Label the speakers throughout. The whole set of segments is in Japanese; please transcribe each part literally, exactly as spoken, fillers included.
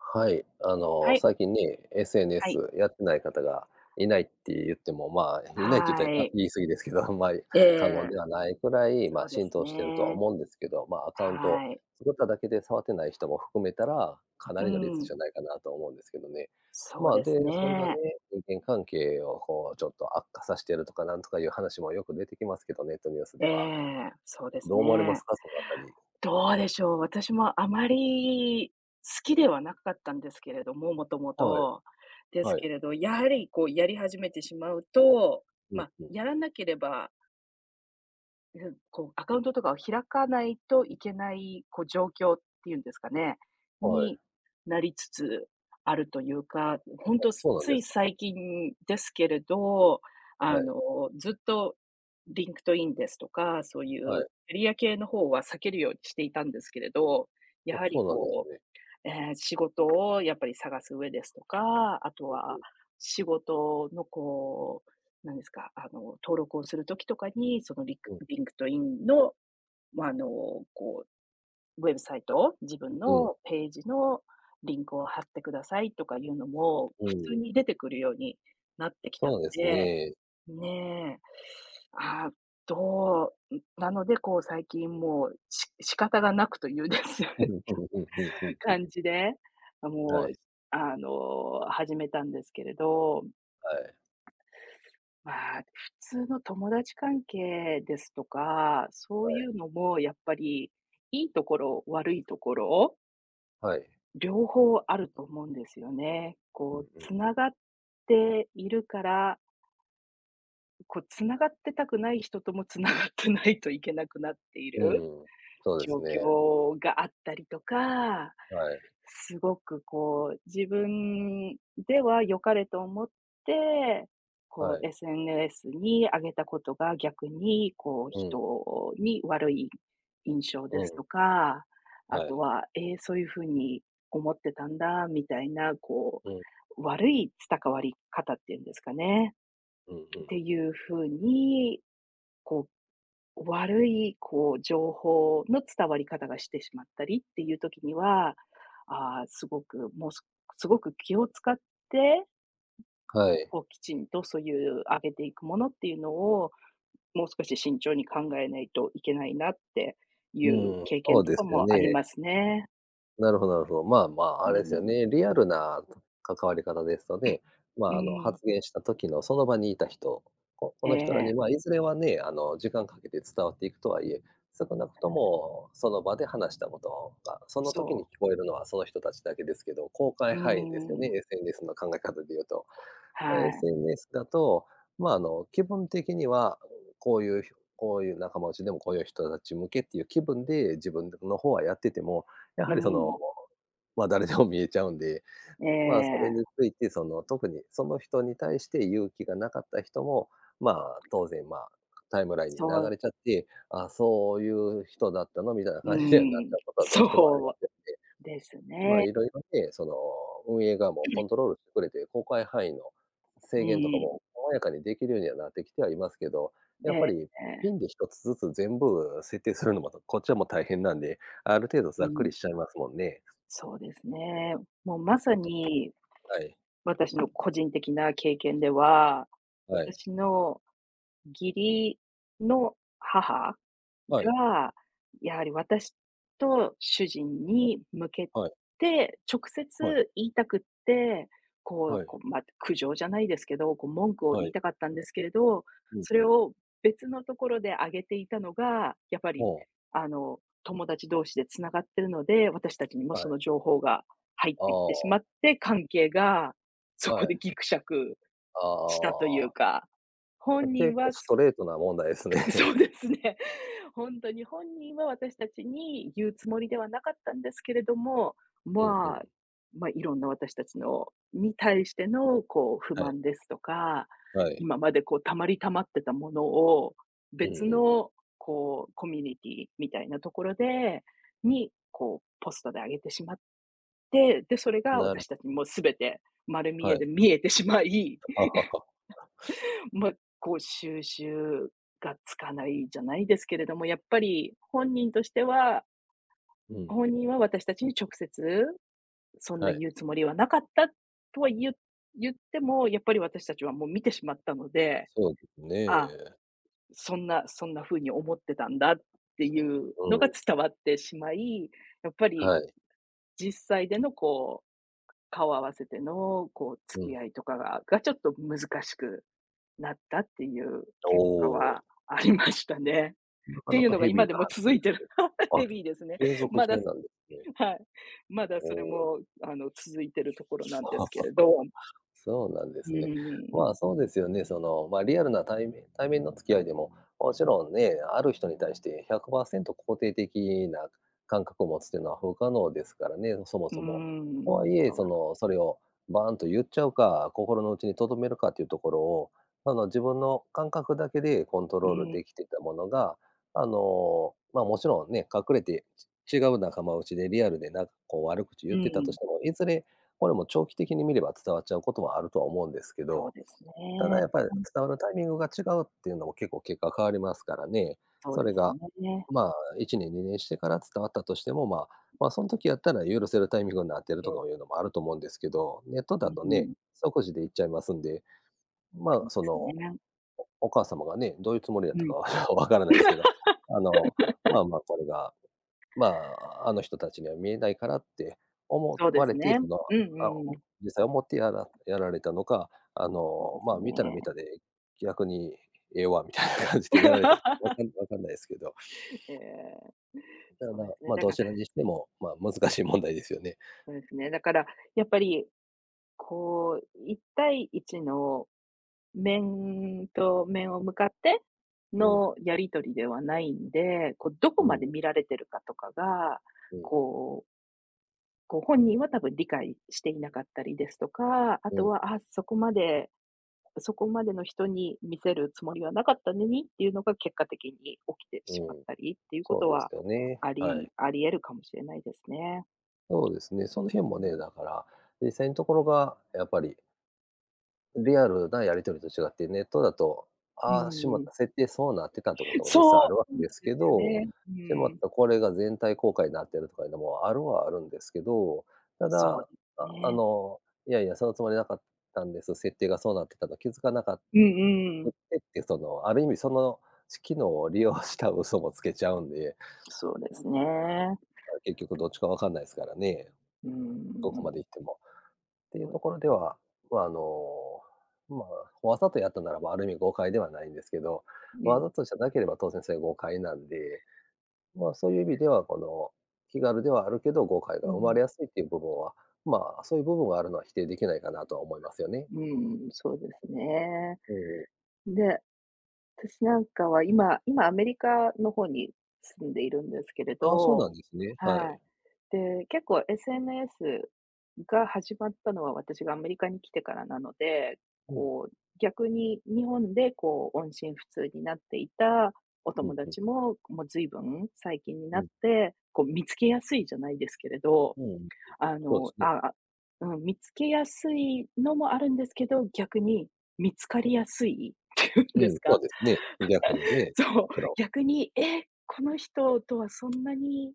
Speaker 1: はい、あ
Speaker 2: は
Speaker 1: の、
Speaker 2: い。
Speaker 1: 最近ね、
Speaker 2: はい。
Speaker 1: SNS やってない方がい ないって言っても、まあ、いないって言っ
Speaker 2: は
Speaker 1: たら、あ、
Speaker 2: い。
Speaker 1: 言い過ぎですけど、あんまり
Speaker 2: ええええ
Speaker 1: 過言
Speaker 2: え
Speaker 1: で
Speaker 2: え。
Speaker 1: はないくらい、ま
Speaker 2: そ
Speaker 1: あ、
Speaker 2: うで
Speaker 1: 浸
Speaker 2: す
Speaker 1: 透してるとは
Speaker 2: ね。
Speaker 1: 思うんですけど、まあ、アカウント
Speaker 2: はい。
Speaker 1: 作っただけで触ってない人も含めたら、かな
Speaker 2: う
Speaker 1: りの率
Speaker 2: ー
Speaker 1: じ
Speaker 2: ん。
Speaker 1: ゃないかなと思うんですけどね。
Speaker 2: そう
Speaker 1: まあ、
Speaker 2: です
Speaker 1: で、それがね、
Speaker 2: ね。
Speaker 1: 人間関係を、こう、ちょっと悪化さしてるとか、なんとかいう話もよく出てきますけど、ネットニュース
Speaker 2: え
Speaker 1: では。
Speaker 2: え、そうです
Speaker 1: どう思われます
Speaker 2: ね。
Speaker 1: か、その辺り。
Speaker 2: どうでしょう、私もあまり好きではなかったんですけれども、元
Speaker 1: はい。
Speaker 2: 々。です
Speaker 1: は
Speaker 2: け
Speaker 1: い。
Speaker 2: れど、やはり、こう、やり始めてしまうと、
Speaker 1: うん、
Speaker 2: ま、
Speaker 1: ふん。
Speaker 2: やらなければいふん、こう、アカウントとかを開かないといけない、こう、状況っていうんですかね、
Speaker 1: はい。
Speaker 2: に、なりつつあるというか、ん、ほん
Speaker 1: あ、
Speaker 2: と、
Speaker 1: そ
Speaker 2: す
Speaker 1: うなん
Speaker 2: つ
Speaker 1: で
Speaker 2: い
Speaker 1: すか。
Speaker 2: 最近ですけれど、
Speaker 1: は
Speaker 2: あ
Speaker 1: い。
Speaker 2: の、ずっと LinkedIn ですとか、そうい
Speaker 1: は
Speaker 2: う
Speaker 1: い。
Speaker 2: エリア系の方は避けるようにしていたんですけれど、や
Speaker 1: お、
Speaker 2: は
Speaker 1: そ
Speaker 2: り、
Speaker 1: うなんです
Speaker 2: こ
Speaker 1: ね。
Speaker 2: うええ、仕事をやっぱり探す上ですとか、あと
Speaker 1: ふんふ
Speaker 2: は
Speaker 1: ん。
Speaker 2: 仕事の、こう、何ですか、あの、登録をする時とかに、そのりく
Speaker 1: うん。
Speaker 2: LinkedIn の、まあ、あの、こう、ウェブサイト、自分
Speaker 1: うん。
Speaker 2: のページのリンクを貼ってくださいとかいうのも
Speaker 1: うー
Speaker 2: 普通
Speaker 1: ん。
Speaker 2: に出てくるようになってきたん
Speaker 1: そうです
Speaker 2: で、
Speaker 1: ね。
Speaker 2: ん、ね。あ、どうん、なので、こう、最近もうし仕方がなくというです
Speaker 1: うんうんうん、ふんふんふん。
Speaker 2: 感じで、あ、も
Speaker 1: は
Speaker 2: う、
Speaker 1: い。
Speaker 2: ずあの、始めたんですけれど、
Speaker 1: はい。
Speaker 2: まあ、普通の友達関係ですとか、そ
Speaker 1: は
Speaker 2: うい
Speaker 1: い。
Speaker 2: うのも、やっぱり、良いところ、悪いところを
Speaker 1: はい。
Speaker 2: 両方あると思うんですよね。
Speaker 1: うん、
Speaker 2: こう
Speaker 1: ええ。
Speaker 2: 繋がっているからん、こう繋がってたくない人とも繋がってないといけなくなってい
Speaker 1: う
Speaker 2: る
Speaker 1: んうん、そうで
Speaker 2: 状
Speaker 1: すね。
Speaker 2: 況があったりとか、
Speaker 1: はい。
Speaker 2: 凄くこう自分では良かれと思って、こ
Speaker 1: はい。
Speaker 2: う SNS にあげたことが逆にこう
Speaker 1: うん。
Speaker 2: 人に悪い印象
Speaker 1: う
Speaker 2: です
Speaker 1: ん。
Speaker 2: とか、あ
Speaker 1: は
Speaker 2: と
Speaker 1: い。
Speaker 2: は、「え、そういう風に思ってたんだ」みたいな、こ
Speaker 1: うん。
Speaker 2: う悪いつたかわりかたっていうんですかね、
Speaker 1: うん、ふん。
Speaker 2: ていう風に、こう、悪いこう情報の伝わり方がしてしまったりっていう時には、ああ、凄く、もうす凄く気を使って、ん、
Speaker 1: はい。
Speaker 2: こうきちんとそういう上げていくものっていうのを、もう少し慎重に考えないといけないなってい
Speaker 1: う
Speaker 2: う
Speaker 1: ん。
Speaker 2: 経
Speaker 1: そ
Speaker 2: 験
Speaker 1: う
Speaker 2: と
Speaker 1: で
Speaker 2: か
Speaker 1: すよ
Speaker 2: もあり
Speaker 1: ね。
Speaker 2: ますね。
Speaker 1: なるほどなるほど。まあまあ、
Speaker 2: う
Speaker 1: あ
Speaker 2: ん
Speaker 1: れですよ
Speaker 2: うん。
Speaker 1: ね、リアルな、か関わり方ですと ね、ま
Speaker 2: う
Speaker 1: ああの、
Speaker 2: ん。
Speaker 1: 発言した時のその場にいた人、ここ
Speaker 2: え
Speaker 1: の人らに
Speaker 2: え。
Speaker 1: まいずれはね、あの時間かけて伝わっていくとは言え、少なくとも、その場で話したことが、その時
Speaker 2: そ
Speaker 1: に
Speaker 2: う。
Speaker 1: 聞こえるのは、その人たちだけですけど、公開
Speaker 2: う
Speaker 1: 範囲ですよ
Speaker 2: ー
Speaker 1: ね、
Speaker 2: ん。
Speaker 1: SNS の考え方で言うと。あの
Speaker 2: はい。
Speaker 1: SNS だと、まあ、あの、気分的には、こういう、ひょこういう仲間内でも、こういう人たち向けっていう気分で、自分でんの方はやってても、や
Speaker 2: う
Speaker 1: はりその、
Speaker 2: ん。
Speaker 1: ま、誰でも見えちゃうんで、
Speaker 2: え
Speaker 1: うん、まあそれ
Speaker 2: え。
Speaker 1: について、その、特にその人に対して言う気がなかった人も、まあ、当然まあ、タイムラインに
Speaker 2: そ
Speaker 1: 流
Speaker 2: う。
Speaker 1: れちゃって、あ、そういう人だったのみたいな
Speaker 2: う
Speaker 1: 感じにはなっ
Speaker 2: ー
Speaker 1: ちゃ
Speaker 2: ん、
Speaker 1: うことはどうしてもありま
Speaker 2: そ
Speaker 1: すんで。
Speaker 2: うです
Speaker 1: まあ
Speaker 2: ね。
Speaker 1: 色々ね、その運営側も
Speaker 2: え
Speaker 1: コ
Speaker 2: え。
Speaker 1: ントロールしてくれて、公開範囲の、
Speaker 2: う
Speaker 1: 制
Speaker 2: ん
Speaker 1: 限とか
Speaker 2: うん。
Speaker 1: も細やかにできるようにはなってきてはいますけど、
Speaker 2: え
Speaker 1: やっ
Speaker 2: え
Speaker 1: ぱり、
Speaker 2: え
Speaker 1: ピ
Speaker 2: え。
Speaker 1: ンでひとつずつ全部設定するのも、とこっちはもう大変なんで、ある程度
Speaker 2: う
Speaker 1: ざっくり
Speaker 2: ん。
Speaker 1: しちゃいますもんね。
Speaker 2: そうですね。もうまさに
Speaker 1: はい。
Speaker 2: 私の個人的な経験では、
Speaker 1: はい。
Speaker 2: 私の義理の母
Speaker 1: はい。
Speaker 2: が、やはり私と主人に向け
Speaker 1: はい。
Speaker 2: て直
Speaker 1: はい。
Speaker 2: 接言いたくって、こ
Speaker 1: は
Speaker 2: う
Speaker 1: い。
Speaker 2: こう、ま、苦情じゃないですけど、こう文句を
Speaker 1: は
Speaker 2: 言い
Speaker 1: い。
Speaker 2: たかったんですけれど、
Speaker 1: うん
Speaker 2: そ
Speaker 1: う
Speaker 2: れ
Speaker 1: ん。
Speaker 2: を別のところで上げていたのが、やっぱり
Speaker 1: ほう。
Speaker 2: あの友達同士で繋がってるので、私たちにも
Speaker 1: は
Speaker 2: そ
Speaker 1: い。
Speaker 2: の情報が入っ
Speaker 1: あ
Speaker 2: てきてし
Speaker 1: あ。
Speaker 2: まって、関係がそ
Speaker 1: は
Speaker 2: こ
Speaker 1: い。
Speaker 2: でギクシャク
Speaker 1: あ
Speaker 2: したという
Speaker 1: あ。
Speaker 2: か、本
Speaker 1: あ、
Speaker 2: 人
Speaker 1: 結構
Speaker 2: は
Speaker 1: ス
Speaker 2: す
Speaker 1: トレートな問題です
Speaker 2: うそ
Speaker 1: ね。
Speaker 2: うですね。ほんとに本人は私達に言うつもりではなかったんですけれども、
Speaker 1: うん、ふ
Speaker 2: まあ、
Speaker 1: ん。
Speaker 2: ま、色んな私達のに対してのこう不
Speaker 1: はい。
Speaker 2: 満ですとか、
Speaker 1: はい。
Speaker 2: 今までこう溜まり溜まってたものを
Speaker 1: うんう
Speaker 2: 別
Speaker 1: んうん。
Speaker 2: のこうコミュニティみたいなところでに、こうポストで上げてしまって、で、それが
Speaker 1: なる
Speaker 2: 私達もう全て丸見
Speaker 1: は
Speaker 2: え
Speaker 1: い。
Speaker 2: で見えてしまい。
Speaker 1: はあはあはあ。
Speaker 2: ま、こう収拾がつかないじゃないですけれども、やっぱり本人としては
Speaker 1: うん。
Speaker 2: 本人は私たちに直接、そん
Speaker 1: は
Speaker 2: な
Speaker 1: い。
Speaker 2: 言うつもりはなかったとはゆ言っても、やっぱり私たちはもう見てしまったので
Speaker 1: そうです
Speaker 2: 「ああ、
Speaker 1: ね。
Speaker 2: そんなそんな風に思ってたんだ」っていう
Speaker 1: う
Speaker 2: のが
Speaker 1: ん。
Speaker 2: 伝わってしまい、やっぱり
Speaker 1: はい。
Speaker 2: 実際でのこう顔合わせてのこう
Speaker 1: う
Speaker 2: 付き
Speaker 1: ん。
Speaker 2: 合いとかががちょっと難しくなったっていう結果
Speaker 1: お
Speaker 2: は
Speaker 1: お。
Speaker 2: ありましたね。
Speaker 1: な
Speaker 2: っ
Speaker 1: か
Speaker 2: て
Speaker 1: な
Speaker 2: いう
Speaker 1: か
Speaker 2: のが
Speaker 1: ヘビ
Speaker 2: 今
Speaker 1: ー
Speaker 2: で
Speaker 1: な
Speaker 2: も
Speaker 1: 話
Speaker 2: 続
Speaker 1: で
Speaker 2: いてる。
Speaker 1: すね。あ、
Speaker 2: ヘビーですね。
Speaker 1: 継続
Speaker 2: ま
Speaker 1: 中
Speaker 2: だ、す
Speaker 1: なんですね。
Speaker 2: はい。まだ
Speaker 1: お
Speaker 2: それ
Speaker 1: お。
Speaker 2: もあの続いてるところなんですけ れど。
Speaker 1: そうなんで
Speaker 2: う
Speaker 1: すね。
Speaker 2: ーん。
Speaker 1: まあそうですよね、その、ま、リアルな対面対面の付き合いでも、もちろんね、ある人に対してひゃくパーセント肯定的な、感覚を持つっていうのは不可能ですからね、そも
Speaker 2: うー
Speaker 1: そも。と
Speaker 2: ん。
Speaker 1: はいえ、
Speaker 2: そう。
Speaker 1: その、それをバーンと言っちゃうか、心のうちに留めるかっていうところを、あの自分の感覚だけでコント
Speaker 2: う
Speaker 1: ロール
Speaker 2: ん、え。
Speaker 1: できてたものが、あの、まあもちろんね、隠れて、ち違う仲間内でリアルでなんかこう悪口言
Speaker 2: う
Speaker 1: ってたと
Speaker 2: ん。
Speaker 1: しても、いずれ、これも長期的に見れば伝わっちゃうこともあるとは思うんですけ
Speaker 2: そう
Speaker 1: ど、
Speaker 2: ですね。
Speaker 1: ただやっぱり
Speaker 2: うん。
Speaker 1: 伝わるタイミングが違うっていうのも結構結果変わりますからね。
Speaker 2: そう
Speaker 1: そ
Speaker 2: で
Speaker 1: れ
Speaker 2: す
Speaker 1: が、
Speaker 2: ね。
Speaker 1: まあいちねんにねんしてから伝わったとしても、まあ
Speaker 2: ん。
Speaker 1: まあそん時やったら許せるタイミングになってる
Speaker 2: う
Speaker 1: と
Speaker 2: ん。
Speaker 1: かいうのもあると思うんですけど、ネット
Speaker 2: う
Speaker 1: だ
Speaker 2: ん
Speaker 1: と
Speaker 2: う
Speaker 1: ね、
Speaker 2: ん。
Speaker 1: 即時で言っちゃいますんで、まあ、その、
Speaker 2: すね。
Speaker 1: おお母様がね、どういうつもりだっ
Speaker 2: う
Speaker 1: たか
Speaker 2: ん。
Speaker 1: までは分からないですけど、あの、ま あまあこれが、まああの人たちには見えないからって思
Speaker 2: そうで
Speaker 1: われ
Speaker 2: す
Speaker 1: て、
Speaker 2: ね、
Speaker 1: その、
Speaker 2: うんう
Speaker 1: あう
Speaker 2: んうん。
Speaker 1: 実際思ってやらやられたのか、あ
Speaker 2: そう
Speaker 1: の、
Speaker 2: です
Speaker 1: まあ、見たら見
Speaker 2: ね。
Speaker 1: たで逆にええわみたいな感じでやられたとか分 かん分かんないですけど。
Speaker 2: え え。
Speaker 1: た
Speaker 2: そうなん
Speaker 1: だ、
Speaker 2: ですね。
Speaker 1: まあ、
Speaker 2: だ
Speaker 1: ど
Speaker 2: から
Speaker 1: ちらにしても、まあ、難しい問題ですよね。
Speaker 2: そうですね、だからやっぱり、こういったいいちの面と面を向かって
Speaker 1: うん。
Speaker 2: のやり取りではないんで、こうどこ
Speaker 1: う
Speaker 2: まで
Speaker 1: ん。
Speaker 2: 見られてるかとかが、
Speaker 1: うんうん。
Speaker 2: こうこう、本人は多分理解していなかったりですとか、あ
Speaker 1: う
Speaker 2: と
Speaker 1: ん。
Speaker 2: は、あ、そこまでそこまでの人に見せるつもりはなかったのにっていうのが結果的に起きて
Speaker 1: う
Speaker 2: しまっ
Speaker 1: ん。
Speaker 2: たりっていうこ
Speaker 1: そう
Speaker 2: と
Speaker 1: です
Speaker 2: は、
Speaker 1: よね。
Speaker 2: あ
Speaker 1: は
Speaker 2: り
Speaker 1: い。
Speaker 2: あり得るかもしれないですね。
Speaker 1: そうですね。その日もね、だから、実際のところが、やっぱりリアルなやり取りと違って、ネットだと、
Speaker 2: う
Speaker 1: ああ、しまっ
Speaker 2: ーん。
Speaker 1: た、設定そうなってた。ってことも実際あ
Speaker 2: そう！そ
Speaker 1: る
Speaker 2: う
Speaker 1: 訳
Speaker 2: なん
Speaker 1: です
Speaker 2: で
Speaker 1: け
Speaker 2: すよ
Speaker 1: ど。
Speaker 2: ね。う
Speaker 1: でもって
Speaker 2: ん。
Speaker 1: これが全体公開になってるとかいうのもあるはあるんですけど。た
Speaker 2: そ
Speaker 1: だ、
Speaker 2: う、
Speaker 1: ああ
Speaker 2: ね。
Speaker 1: の、いやいや、そのつもりなかったんです、設定がそうなってたと気づかなか
Speaker 2: うんうんう
Speaker 1: くっ
Speaker 2: ん。
Speaker 1: てっていう、その、ある意味そのつ機能を利用した嘘もつけちゃうんで。
Speaker 2: そうですね。
Speaker 1: まあ、結局どっちか分かんないですからね。
Speaker 2: うー
Speaker 1: どこま
Speaker 2: ん。
Speaker 1: で行っても。ってい
Speaker 2: そ
Speaker 1: う
Speaker 2: う。
Speaker 1: ところでは、まあ、あの、まあ、わざとやったならばある意味誤解ではないんですけど、
Speaker 2: う
Speaker 1: わ
Speaker 2: ん。
Speaker 1: ざとじゃなければ当然それ誤解なんで。まあ、そういう意味では、この、気軽ではあるけど誤解が
Speaker 2: う
Speaker 1: 生まれ
Speaker 2: ん。
Speaker 1: やすいっていう部分は、まあ、そういう部分はあるのは否定できないかなとは思いますよね。
Speaker 2: うーん。そうで すね。
Speaker 1: うんうん。
Speaker 2: で、私なんかは今今アメリカの方に住んでいるんですけれ
Speaker 1: ああ、そうな
Speaker 2: ど。
Speaker 1: んですね。は
Speaker 2: はい。
Speaker 1: い。
Speaker 2: で、結構 SNS が始まったのは私がアメリカに来てからなので、
Speaker 1: うん。
Speaker 2: こう、逆に日本で、こう、音信不通になっていたお
Speaker 1: う
Speaker 2: 友
Speaker 1: んうん。
Speaker 2: 達も、もうずいぶん最近に
Speaker 1: う
Speaker 2: なっ
Speaker 1: ん。
Speaker 2: て、こう、見つけやすいじゃないですけれど、
Speaker 1: うん。
Speaker 2: あ
Speaker 1: そうで
Speaker 2: の、
Speaker 1: すね。
Speaker 2: ああ、うん、見つけやすいのもあるんですけど、逆に見つかりやすいって言う
Speaker 1: う
Speaker 2: んです
Speaker 1: ん、そう
Speaker 2: か。
Speaker 1: ですね。逆に ね。
Speaker 2: そう。
Speaker 1: もちろん。
Speaker 2: 逆に、え、この人とはそんなに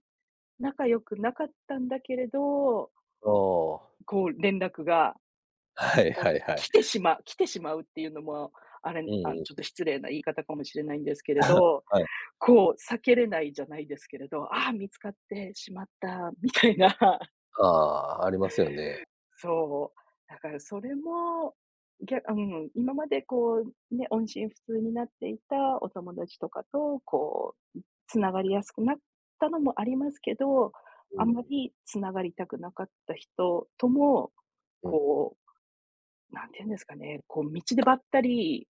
Speaker 2: 仲良くなかったんだけれど
Speaker 1: ああ。
Speaker 2: こう連絡が、
Speaker 1: はい
Speaker 2: こ
Speaker 1: は
Speaker 2: う、
Speaker 1: いはい。
Speaker 2: き来てしまう来てしまうっていうのも、あ
Speaker 1: う
Speaker 2: れ、
Speaker 1: ん
Speaker 2: あ、
Speaker 1: うん。
Speaker 2: ちょっと失礼な言い方かもしれないんですけれ ど、
Speaker 1: はい。
Speaker 2: こう、避けれないじゃないですけれど、あ、見つかってしまったみたいな。
Speaker 1: ああ、ありますよね。
Speaker 2: そう。だからそれも、ぎゃあ、うんうん、今までこうね、音信不通になっていたお友達とかと、こう、ん、繋がりやすくなったのもありますけど、
Speaker 1: うー
Speaker 2: あんま
Speaker 1: ん。
Speaker 2: り繋がりたくなかった人とも、
Speaker 1: うん。
Speaker 2: こう、何て言うんですかね、こう、道でばったり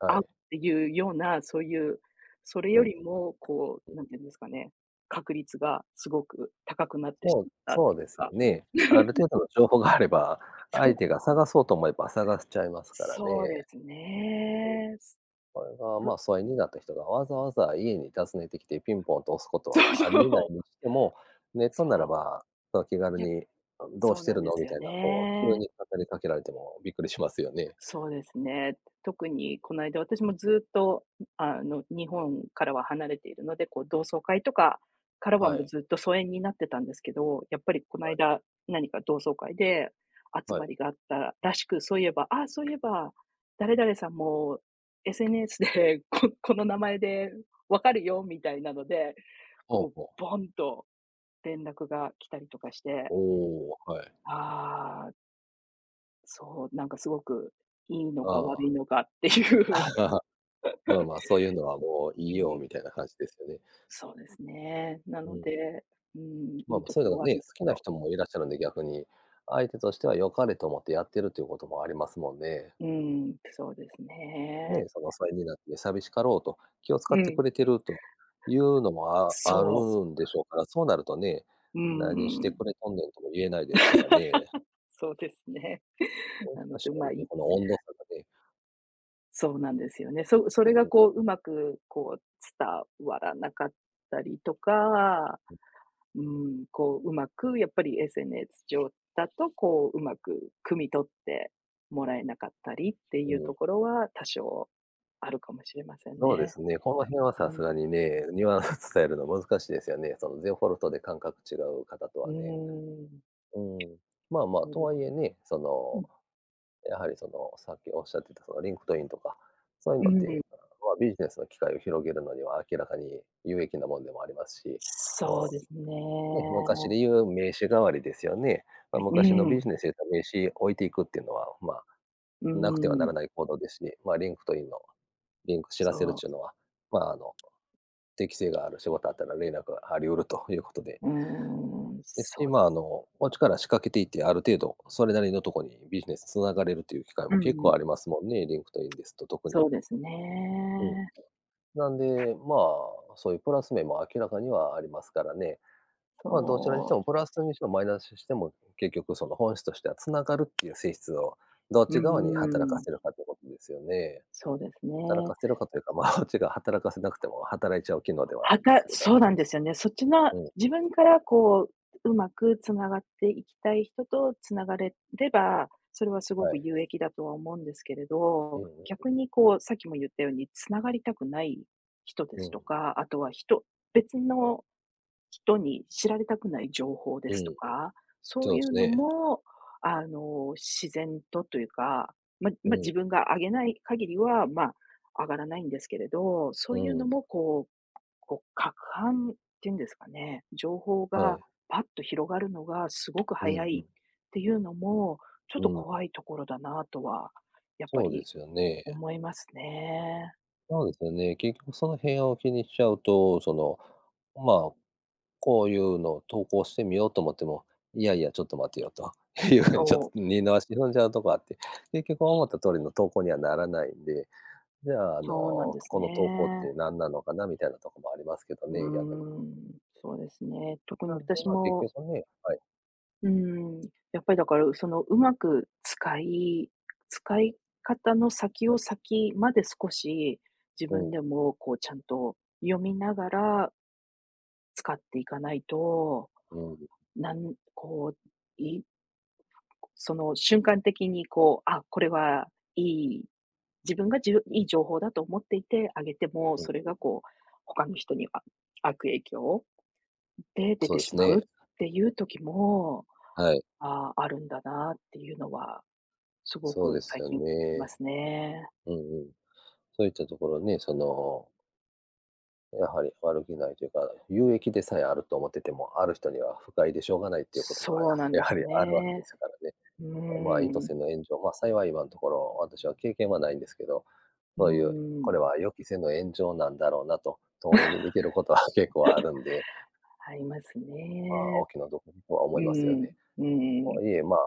Speaker 1: は
Speaker 2: 会うっ
Speaker 1: い。
Speaker 2: ていうような、そういう、それ
Speaker 1: う
Speaker 2: よ
Speaker 1: んうん。
Speaker 2: りも、こ
Speaker 1: うん。
Speaker 2: う、何て言うんですかね、確率がすごく高くなってし
Speaker 1: そう、
Speaker 2: まったと
Speaker 1: そう
Speaker 2: いう
Speaker 1: ですよ
Speaker 2: か。
Speaker 1: ね。ある程度の 情報があれば、
Speaker 2: そ
Speaker 1: 相
Speaker 2: う。
Speaker 1: 手が探そうと思えば探しちゃえますから
Speaker 2: そう
Speaker 1: ね。
Speaker 2: ですね。
Speaker 1: うん。それが、
Speaker 2: そ
Speaker 1: ま
Speaker 2: う。
Speaker 1: あ、疎遠になった人がわざわざ家に訪ねてきてピンポンと押すこと
Speaker 2: そう
Speaker 1: はあり得な
Speaker 2: そう。
Speaker 1: いにしても、ネットなら
Speaker 2: そ
Speaker 1: ば、その、気軽
Speaker 2: う。いや、
Speaker 1: に、うん、どう
Speaker 2: そ
Speaker 1: し
Speaker 2: う
Speaker 1: て
Speaker 2: なん
Speaker 1: る
Speaker 2: で
Speaker 1: の
Speaker 2: す
Speaker 1: み
Speaker 2: よ
Speaker 1: たいな、こう、急
Speaker 2: ね。
Speaker 1: に語りかけられてもびっくりしますよね。
Speaker 2: そうですね。特にこないだ私もずっと、あの、日本からは離れているので、こう、同窓会とかからは、
Speaker 1: は
Speaker 2: もう
Speaker 1: い。
Speaker 2: ずっと疎遠になってたんですけど、やっぱりこな
Speaker 1: は
Speaker 2: い
Speaker 1: い。
Speaker 2: だ、何か同窓会で集
Speaker 1: は
Speaker 2: ま
Speaker 1: い。
Speaker 2: りがあったらしく、そういえば、ああ、そういえば、誰々さんも SNS で、ここの名前で分かるよ、みたいなので、
Speaker 1: ほう
Speaker 2: こう、
Speaker 1: ほう。
Speaker 2: ボンと連絡が来たりとかして。
Speaker 1: おお、はい。
Speaker 2: ああ。そう、なんかすごくいいのか、
Speaker 1: あ
Speaker 2: 悪
Speaker 1: あ。
Speaker 2: いのかっていう。
Speaker 1: まあまあ、「そういうのはも うい
Speaker 2: に
Speaker 1: い
Speaker 2: んに
Speaker 1: よ」み
Speaker 2: ん。
Speaker 1: たいな感じですよね。
Speaker 2: そうですね。な
Speaker 1: う
Speaker 2: の
Speaker 1: ん。
Speaker 2: で、うーん、い
Speaker 1: まあ
Speaker 2: い
Speaker 1: まあ、
Speaker 2: と
Speaker 1: そ
Speaker 2: こ
Speaker 1: ういうの
Speaker 2: ろ、
Speaker 1: がね、
Speaker 2: 悪い
Speaker 1: 好
Speaker 2: と
Speaker 1: き
Speaker 2: こ
Speaker 1: な
Speaker 2: ろ。
Speaker 1: 人もいらっしゃるんで、逆に。相手としては良かれと思って、やってるっていうこともありますもんね。
Speaker 2: うーん、そうです
Speaker 1: ね
Speaker 2: ね。
Speaker 1: え、その疎遠になって寂しかろうと、気を遣
Speaker 2: う
Speaker 1: って
Speaker 2: ん。
Speaker 1: くれてると、いうのもあある
Speaker 2: そう。
Speaker 1: んでしょうから、そうなるとね、
Speaker 2: う
Speaker 1: 「何して
Speaker 2: ん。
Speaker 1: くれとんねん」とも言えないですからね。
Speaker 2: そうですね。
Speaker 1: お、
Speaker 2: な
Speaker 1: 確
Speaker 2: ので
Speaker 1: か
Speaker 2: ま
Speaker 1: に。
Speaker 2: あ、
Speaker 1: で、
Speaker 2: い
Speaker 1: この温度差がね。
Speaker 2: そうなんですよね。そそれ
Speaker 1: う
Speaker 2: が
Speaker 1: ん。
Speaker 2: こう上手くこう伝わらなかったりとか、
Speaker 1: うん。
Speaker 2: うん、こう上手くやっぱり SNS 上だと、こう上手く、汲み取ってもらえなかったりっていう
Speaker 1: う
Speaker 2: と
Speaker 1: ん。
Speaker 2: ころは、多少あるかもしれません
Speaker 1: そうで
Speaker 2: ね。
Speaker 1: すね、この辺は
Speaker 2: う
Speaker 1: さすが
Speaker 2: ん。
Speaker 1: にね、ニュアンス伝えるのは難しいですよね。その、デフォルトで感覚違う方と
Speaker 2: う
Speaker 1: は
Speaker 2: ー
Speaker 1: ね。
Speaker 2: ん。
Speaker 1: うん。まあまあ、とはい えね、そ
Speaker 2: う
Speaker 1: の、
Speaker 2: ん。
Speaker 1: やはり、その、さっきおっしゃってたその、LinkedIn とか、そういう
Speaker 2: う
Speaker 1: のっ
Speaker 2: ん。
Speaker 1: て、まあ、ビジネスの機会を広げるのには、明らかに有益なもんでもありますし。
Speaker 2: そう
Speaker 1: も
Speaker 2: ですね。
Speaker 1: う、ね、昔で言う名刺代わりですよね。まあ、
Speaker 2: う、う
Speaker 1: 昔のビ
Speaker 2: ん。
Speaker 1: ジネスでと名刺置いていくっていうのは、まあ、
Speaker 2: う
Speaker 1: なくてはな
Speaker 2: ん。
Speaker 1: らない行動ですし、まあ、LinkedIn の、リンク知らせるっ
Speaker 2: そう。
Speaker 1: ちゅうのは、まあ、あの、適性がある仕事あったら連絡があり得るということで
Speaker 2: うーん、
Speaker 1: ですし、
Speaker 2: そう。
Speaker 1: まあ、あの、こっちから仕掛けていて、ある程度、それなりのとこに、ビジネス繋がれるっていう機会
Speaker 2: う
Speaker 1: も、
Speaker 2: ん
Speaker 1: 結
Speaker 2: う
Speaker 1: 構
Speaker 2: ん。
Speaker 1: ありますもんね、LinkedIn ですと、特に。
Speaker 2: そうです
Speaker 1: うん。
Speaker 2: ね。
Speaker 1: なんで、まあ、そういうプラス面も明らかにはありますからね。まあ、どちらにして
Speaker 2: そう。
Speaker 1: もプラスにしてもマイナスにしても、結局その、本質としては繋がるっていう性質を、どっ
Speaker 2: うー
Speaker 1: ち側に働か
Speaker 2: ん。
Speaker 1: せるかっていうことですよね。
Speaker 2: そうです
Speaker 1: 働
Speaker 2: ね。
Speaker 1: かせるかというか、まあ、こっちが働かせなくても働いちゃう機能では、あ
Speaker 2: は
Speaker 1: るんで
Speaker 2: が
Speaker 1: すけど。
Speaker 2: そうなんですよね。そっちの
Speaker 1: うん。
Speaker 2: 自分から、こう上手く繋がっていきたい人と繋がれれば、それは凄
Speaker 1: は
Speaker 2: く
Speaker 1: い。
Speaker 2: 有益だとは思うんですけれ
Speaker 1: うん
Speaker 2: ど。
Speaker 1: うんうん。
Speaker 2: 逆にこうさっきも言ったように、繋がりたくない人で
Speaker 1: う
Speaker 2: すと
Speaker 1: ん。
Speaker 2: か、あとは人、別の人に知られたくない情報
Speaker 1: う
Speaker 2: で
Speaker 1: ん、
Speaker 2: すと
Speaker 1: うん。
Speaker 2: か、そ
Speaker 1: そう
Speaker 2: うい
Speaker 1: で
Speaker 2: う
Speaker 1: す
Speaker 2: の
Speaker 1: ね。
Speaker 2: もあの、自然とというか、まあ
Speaker 1: う
Speaker 2: まあ、
Speaker 1: ん。
Speaker 2: 自分が上げない限りは、まあ、上がらないんですけれど、そ
Speaker 1: う
Speaker 2: ういうの
Speaker 1: ん。
Speaker 2: もこうこう撹拌っていうんですかね、情報
Speaker 1: は
Speaker 2: が
Speaker 1: い。
Speaker 2: ぱっと広がるのが凄く
Speaker 1: う
Speaker 2: 早
Speaker 1: んう
Speaker 2: い
Speaker 1: ん。
Speaker 2: っていうのも、ちょ
Speaker 1: う
Speaker 2: っと
Speaker 1: ん。うん。
Speaker 2: 怖いところだなとは、やっぱ
Speaker 1: そうで
Speaker 2: り
Speaker 1: すよね。
Speaker 2: 思いますね。
Speaker 1: そうですよね。結局その辺を気にしちゃうと、その、まあ、こういうのを投稿してみようと思っても、いやいや、ちょっと待てよというふうにちょっと
Speaker 2: そう。
Speaker 1: 二の足踏んじゃうとこあって、結局思った通りの投稿にはならないんで、じゃあ、あ
Speaker 2: そうなん
Speaker 1: の、
Speaker 2: です
Speaker 1: この投稿っ
Speaker 2: ね。
Speaker 1: て何なのかなみたいなとこもありますけど
Speaker 2: う
Speaker 1: ね、逆に。
Speaker 2: ーん。そうですね。特に
Speaker 1: なんで、
Speaker 2: 私
Speaker 1: まあ、結
Speaker 2: も。
Speaker 1: 局そのねはい。
Speaker 2: うーん。やっぱり、だから、その、上手く使い使い方の先を先まで少し自
Speaker 1: う
Speaker 2: 分
Speaker 1: ん。
Speaker 2: でも、こう、ちゃんと読みながら使っていかないと、
Speaker 1: うーん。
Speaker 2: なんこういその、瞬間的に、こう、あ、これはいい、自分がじょいい情報だと思っていてあげても、それが、こう、他の人にあ悪影響をで出
Speaker 1: そう
Speaker 2: て
Speaker 1: で
Speaker 2: し
Speaker 1: す
Speaker 2: まうっ
Speaker 1: ね。
Speaker 2: ていう時も、
Speaker 1: はい。
Speaker 2: ああ、あるんだなっていうのは、すご
Speaker 1: そう
Speaker 2: く
Speaker 1: です
Speaker 2: 最
Speaker 1: よ
Speaker 2: 近ま
Speaker 1: ね。
Speaker 2: すね。
Speaker 1: うんうん。そういったところね、そのやはり悪気無いというか、有益でさえあると思ってても、ある人には不快でしょうがないっていうことが、
Speaker 2: そ
Speaker 1: や
Speaker 2: うなんで
Speaker 1: やは
Speaker 2: す
Speaker 1: りあるわけで
Speaker 2: ね。
Speaker 1: すからね。
Speaker 2: う
Speaker 1: あ、まあ意図
Speaker 2: ーん。
Speaker 1: せぬ炎上、ま、幸い今んところ、私は経験は無いんですけど、
Speaker 2: う
Speaker 1: そういう、
Speaker 2: ー
Speaker 1: こ
Speaker 2: ん。
Speaker 1: れは予期せぬ炎上なんだろうなと、遠目に見てることは結構あるんで。
Speaker 2: あります
Speaker 1: まあ、お
Speaker 2: ね。
Speaker 1: 気の毒にとは
Speaker 2: う
Speaker 1: 思いますよ
Speaker 2: ん
Speaker 1: ね。
Speaker 2: うん。うんう
Speaker 1: あ、
Speaker 2: ん。
Speaker 1: いえ、まあ、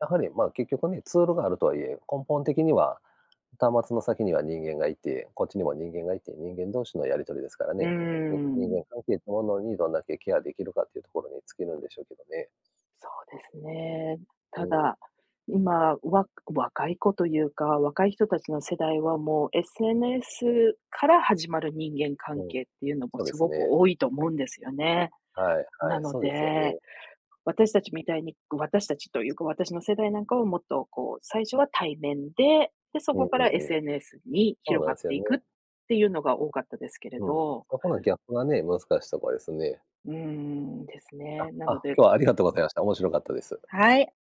Speaker 1: やはりまあ結局ね、ツールがあるとはいえ、根本的には、端末の先には人間がいて、こっちにも人間がいて、人間同士のやり取りですから
Speaker 2: うー
Speaker 1: ね。に人
Speaker 2: ん。
Speaker 1: 間関係ってものにどんだけケアできるかっていうところに尽きるんでしょうけどね。
Speaker 2: そうですね。
Speaker 1: う
Speaker 2: た
Speaker 1: ん。
Speaker 2: だ、今、わか若い子というか、若い人達の世代はもう SNS から始まる人間関
Speaker 1: うん。
Speaker 2: 係っていうのも
Speaker 1: そうです
Speaker 2: 凄く
Speaker 1: ね。
Speaker 2: 多いと思うんですよね。
Speaker 1: はい
Speaker 2: な
Speaker 1: はい、
Speaker 2: の
Speaker 1: そうですよ
Speaker 2: で、
Speaker 1: ね。
Speaker 2: 私達みたいに、ご私達というか、私の世代なんかはもっとこう最初は対面で、で、そ
Speaker 1: うん
Speaker 2: こか
Speaker 1: う
Speaker 2: ら
Speaker 1: んうん。
Speaker 2: SNS に
Speaker 1: そう
Speaker 2: 広
Speaker 1: なん
Speaker 2: が
Speaker 1: で
Speaker 2: っ
Speaker 1: すよ
Speaker 2: て
Speaker 1: ね。
Speaker 2: いくっていうのが多かったですけれ
Speaker 1: うん、
Speaker 2: ど。
Speaker 1: そこのギャップがね、難しとこですね。
Speaker 2: うーん、です
Speaker 1: あ
Speaker 2: ね。な
Speaker 1: あ、
Speaker 2: ので
Speaker 1: 今日はありがとうございました。面白かったです。
Speaker 2: はい。